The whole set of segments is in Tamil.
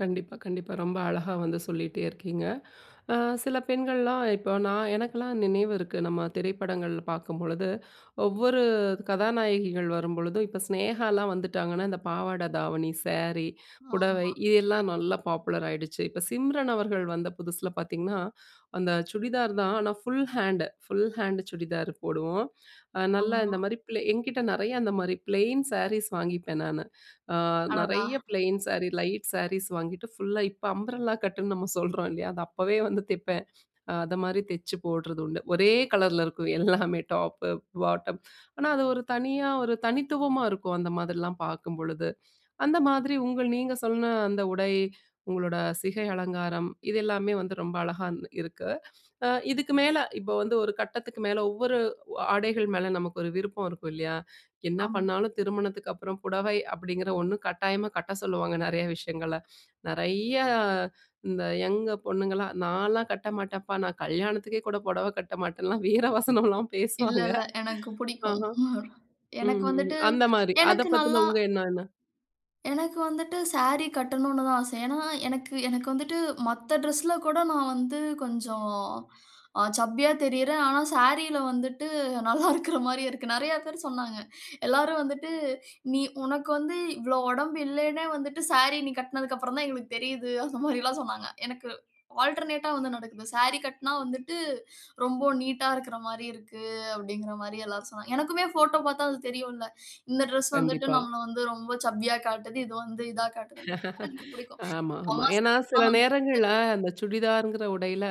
கண்டிப்பா, கண்டிப்பா. ரொம்ப அழகா வந்து சொல்லீட்டே இருக்கீங்க. அ சில பெண்கள்லாம் இப்ப நா எனக்கெல்லாம் நினைவு இருக்கு. நம்ம திரைப்படங்கள் பார்க்கும்பொழுது, ஒவ்வொரு கதாநாயகிகள் வரும்பொழுது, இப்ப சினேகாலாம் வந்துட்டாங்கன்னா, இந்த பாவாடை தாவணி, சேரி, புடவை ஆமா. இதெல்லாம் நல்லா பாப்புலர் ஆயிடுச்சு. இப்ப சிம்ரன் அவர்கள் வந்த புதுசுல பார்த்தீங்கன்னா, அந்த சுடிதார் தான். ஆனா full hand. Full hand churidar போடுவோம். அ நல்லா ஆமா. இந்த மாரி பிளே என்கிட்ட நெறைய அந்த மாரி பிளெயின் சாரீஸ் வாங்கிப்பேன் நானு. அ, அடடா! நெறைய ப்ளெயின் சாரி, லைட் சாரீஸ் வாங்கிட்டு ஃபுல்லா, இப்ப அம்ப்ரெல்லா கட்டுன்னு நம்ம சொல்றோம் இல்லையா? அத அப்பவே வந்து தெப்பேன். அத மாரி தெச்சு போடுறது உண்டு. ஒரே கலர்ல இருக்கும் எல்லாமே டாப்பு, பாட்டம். ஆனா அது ஒரு தனியா ஒரு தனித்துவமா இருக்கும். அந்த மாதிரிலாம் பார்க்கும்பொழுது. அந்த மாதிரி உங்கள் நீங்க சொன்ன அந்த உடை, உங்களோட சிகை அலங்காரம். இது எல்லாமே வந்து ரொம்ப அழகான் இருக்கு. அ இதுக்கு மேல, இப்ப வந்து ஒரு கட்டத்துக்கு மேல, ஒவ்வொரு ஆடைகள் மேல நமக்கு ஒரு விருப்பம் இருக்கும் இல்லையா? என்ன ஆமா. பண்ணாலும் திருமணத்துக்கப்பறம் புடவை அப்படீங்கிற ஒண்ணு கட்டாயமா கட்ட சொல்லுவாங்க நெறைய விஷயங்கள்ல. நெறைய இந்த யங் பொண்ணுங்கள்லாம், நான்லாம் கட்ட மாட்டேன்ப்பா. நா கல்யாணத்துக்கே கூட பொடவை கட்ட மாட்டேன்லாம் வீர வசனம்லாம் பேசுவாங்க. இல்லல்ல. எனக்கு புடிக்கும். ஆஹா. எனக்கு ம்ஹ்ஹ்ம். வந்துட்டு, அந்த மாரி. அத எனக்கு பத்தின நல்லா உங்க எண்ணம் என்ன? எனக்கு வந்துட்டு சாரி கட்டணும்ன்னு தான் ஆசை. ஏன்னா எனக்கு எனக்கு வந்துட்டு, மத்த டிரெஸ்ல கூட நா வந்து கொஞ்சம், அ சப்பியா தெரியறேன். ஆனா சாரில வந்துட்டு, நல்லா இருக்கற மாரி இருக்கு. நெறைய பேர் சொன்னாங்க. எல்லாரும் வந்துட்டு, நீ உனக்கு வந்து இவ்ளோ உடம்பு இல்லன்னே வந்துட்டு. சாரி நீ கட்டினதுக்கப்பறம் தான் எங்களுக்கு தெரியுது. அந்த மாரில்லாம் சொன்னாங்க. எனக்கு ஆல்டர்னேட்டா வந்து நடக்குது. "சாரி கட்டினா வந்துட்டு, ரொம்ப நீட்டா இருக்கிற மாரி இருக்கு." அப்படீங்கிற மாரி எல்லாரும் சொன்னாங்க. எனக்குமே ஃபோட்டோ பார்த்தா அது தெரியும்ல்ல. இந்த டிரெஸ் வந்துட்டு கண்டிப்பா. நம்மள வந்து ரொம்ப சப்பியா காட்டுது. இது வந்து இதா காட்டுதுன்னு. எனக்கு இது புடிக்கும். ஆமா, எங்க ஆமா. அம்மா ஏன்னா, சில சாரியல்லாம் நேரங்கள்ல அந்த சுடிதார்ங்கிற உடையில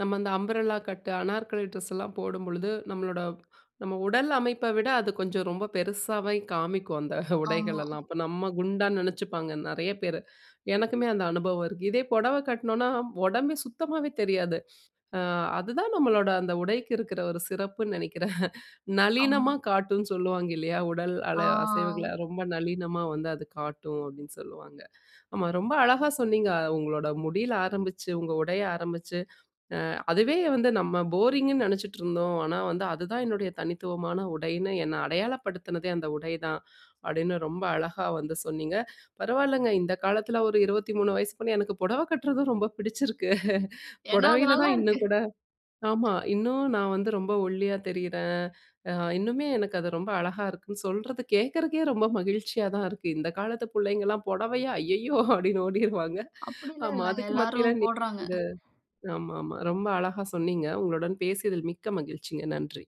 நம்ம அந்த அம்ப்ரெல்லா கட்டு, அனார்கலி ட்ரெஸ்ஸல்லாம் போடும்பொழுது, நம்மளோட நம்ம உடல் அமைப்ப விட அது கொஞ்சம் ரொம்ப பெருசாவே காமிக்கும் அந்த ஆமா. உடைகளெல்லாம். அப்ப நம்ம குண்டா நெனச்சுப்பாங்க நெறைய பேரு. எனக்குமே அந்த அனுபவம் இருக்கு. இதே பொடவை கட்டினோம்ன்னா, ஒடம்பே சுத்தமாவே தெரியாது. அ, அது தான் நம்மளோட அந்த உடைக்கு இருக்கிற ஒரு சிறப்புன்னு நெனைக்கிறேன். ஆமா. நளினமா காட்டும்ன்னு சொல்லுவாங்க இல்லையா? "உடல் அள அசைவுகள, அ! ரொம்ப நளினமா வந்து அது காட்டும்." அப்படீன்னு சொல்லுவாங்க. ஆமா, ரொம்ப அழகா சொன்னீங்க. உங்களோட முடியில ஆரம்பிச்சு, உங்க உடைய ஆரம்பிச்சு "அ, அதுவே வந்து நம்ம போரிங்குன்னு நெனைச்சுட்டுருந்தோம். ஆனா வந்து அதுதான் என்னுடைய தனித்துவமான உடைன்னு, என்னை அடையாளப்படுத்தினதே அந்த உடை தான்!" அப்படீன்னு ரொம்ப அழகா வந்து சொன்னீங்க. பரவால்லங்க! இந்த காலத்தில ஒரு 23 வயசு பொண்ணு, எனக்கு பொடவை கட்டுறதும் ரொம்ப புடிச்சிருக்கு. ஏன்னா, அது பொடவையில நல்லா தான் இருக்கு! இன்னும் கூட ஆமா. இன்னும் நான் வந்து ரொம்ப ஒல்லியா தெரியிறேன். அ இன்னுமே எனக்கு அது ரொம்ப அழகா இருக்குன்னு, சொல்றத கேட்கிறக்கே ரொம்ப மகிழ்ச்சியா தான் இருக்கு! இந்த காலத்து புள்ளைங்கலாம் "பொடவையா? ஐயயோ!" அப்படீன்னு ஓடிருவாங்க. அப்படில்லாம் ஆமா. இல்லங்க. அதுக்கு மத்தியில எல்லாரும் நீங்க போடுறாங்க. ஆமாமா. ரொம்ப அழகா சொன்னீங்க. உங்களுடன் பேசியதில் மிக்க மகிழ்ச்சிங்க! நன்றி!